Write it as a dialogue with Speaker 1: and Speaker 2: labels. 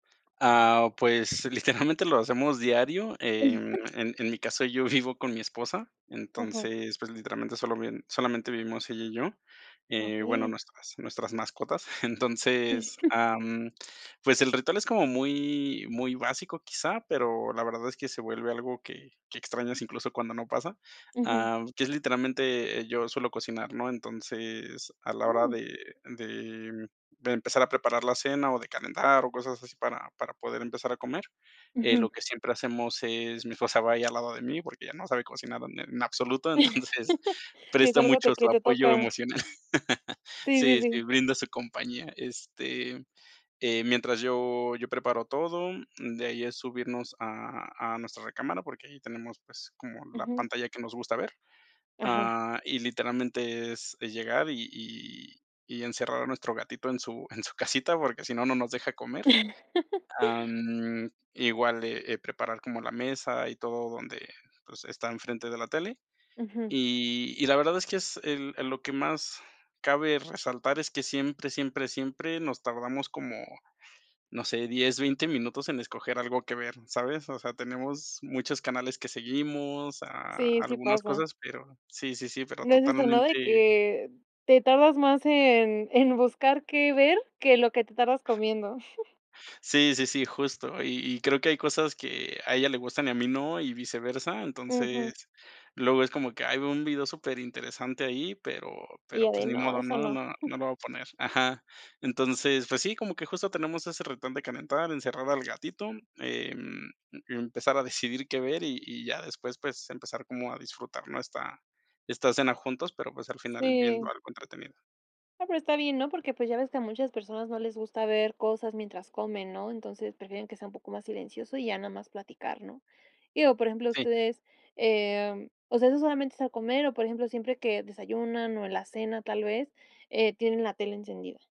Speaker 1: Ah, pues, literalmente lo hacemos diario. Em, en en mi caso, yo vivo con mi esposa,
Speaker 2: Ajá.
Speaker 1: entonces, pues, literalmente, solo viven solamente vivimos ella y yo, eh, y bueno,
Speaker 2: Okey.
Speaker 1: nuestras nuestras mascotas. Entonces, ah, mm, pues, el ritual es como muy muy básico, quizá, pero la verdad es que se vuelve algo que que extrañas, incluso, cuando no pasa.
Speaker 2: Ujú.
Speaker 1: Ah, que es literalmente, eh, yo suelo cocinar, ¿no? Entonces, a la hora
Speaker 2: Mm.
Speaker 1: de de, mm, de empezar a preparar la cena o de calentar o cosas así para para poder empezar a comer, eh, lo
Speaker 2: Ujú.
Speaker 1: que siempre hacemos es, mi esposa va ahí al lado de mí, porque ella no sabe cocinar en en absoluto, entonces,
Speaker 2: Sí es
Speaker 1: presta
Speaker 2: algo que a
Speaker 1: mucho su
Speaker 2: ti te
Speaker 1: apoyo
Speaker 2: toca.
Speaker 1: emocional.
Speaker 2: Sí, sí,
Speaker 1: Sí, sí,
Speaker 2: sí.
Speaker 1: brinda su compañía. Este, eh, mientras yo yo preparo todo, mm, de ahí es subirnos a a nuestra recámara porque ahí tenemos, pues, como la
Speaker 2: Ujú.
Speaker 1: pantalla que nos gusta ver,
Speaker 2: Ajá.
Speaker 1: ah, y literalmente es es llegar y y y encerrar a nuestro gatito en su en su casita, porque si no, no nos deja comer. Ah, mm, igual de, eh, preparar como la mesa y todo donde, pues, está enfrente de la tele.
Speaker 2: Ujú.
Speaker 1: Y y la verdad es que es el el lo que más cabe resaltar es que siempre, siempre, siempre nos tardamos como, no sé, 10, 20 minutos en escoger algo que ver, ¿sabes? O sea, tenemos muchos canales que seguimos, ah,
Speaker 2: Sí, sí
Speaker 1: algunas
Speaker 2: pasa.
Speaker 1: cosas, pero sí, sí, sí, pero
Speaker 2: No es esto nada de
Speaker 1: totalmente
Speaker 2: que te tardas más en en buscar qué ver, que lo que te tardas comiendo.
Speaker 1: Sí, sí, sí, justo. Y y creo que hay cosas que a ella le gustan y a mí no, y viceversa.
Speaker 2: Ujú.
Speaker 1: Entonces, luego es como que, ay, veo un video superinteresante ahí, pero
Speaker 2: Y
Speaker 1: pero,
Speaker 2: ya de
Speaker 1: pues, ni
Speaker 2: no,
Speaker 1: modo.
Speaker 2: eso
Speaker 1: No,
Speaker 2: no.
Speaker 1: no, no lo voy a poner ajá. Entonces, pues sí, como que justo tenemos ese retón de calentar, encerrar al gatito, em, empezar a decidir qué ver, y y ya después, pues, empezar como a disfrutar, ¿no?, esta esta cena juntos, pero, pues, al final viendo
Speaker 2: Sí.
Speaker 1: algo entretenido.
Speaker 2: Ah, pero está bien, ¿no? Porque, pues, ya ves que a muchas personas no les gusta ver cosas mientras comen, ¿no? Entonces prefieren que sea un poco más silencioso y ya no más platicar, ¿no? Digo, por ejemplo,
Speaker 1: Sí.
Speaker 2: ustedes, em, o sea, ¿eso solamente es al comer o, por ejemplo, siempre que desayunan, o, en la cena tal vez, eh, tienen la tele encendida?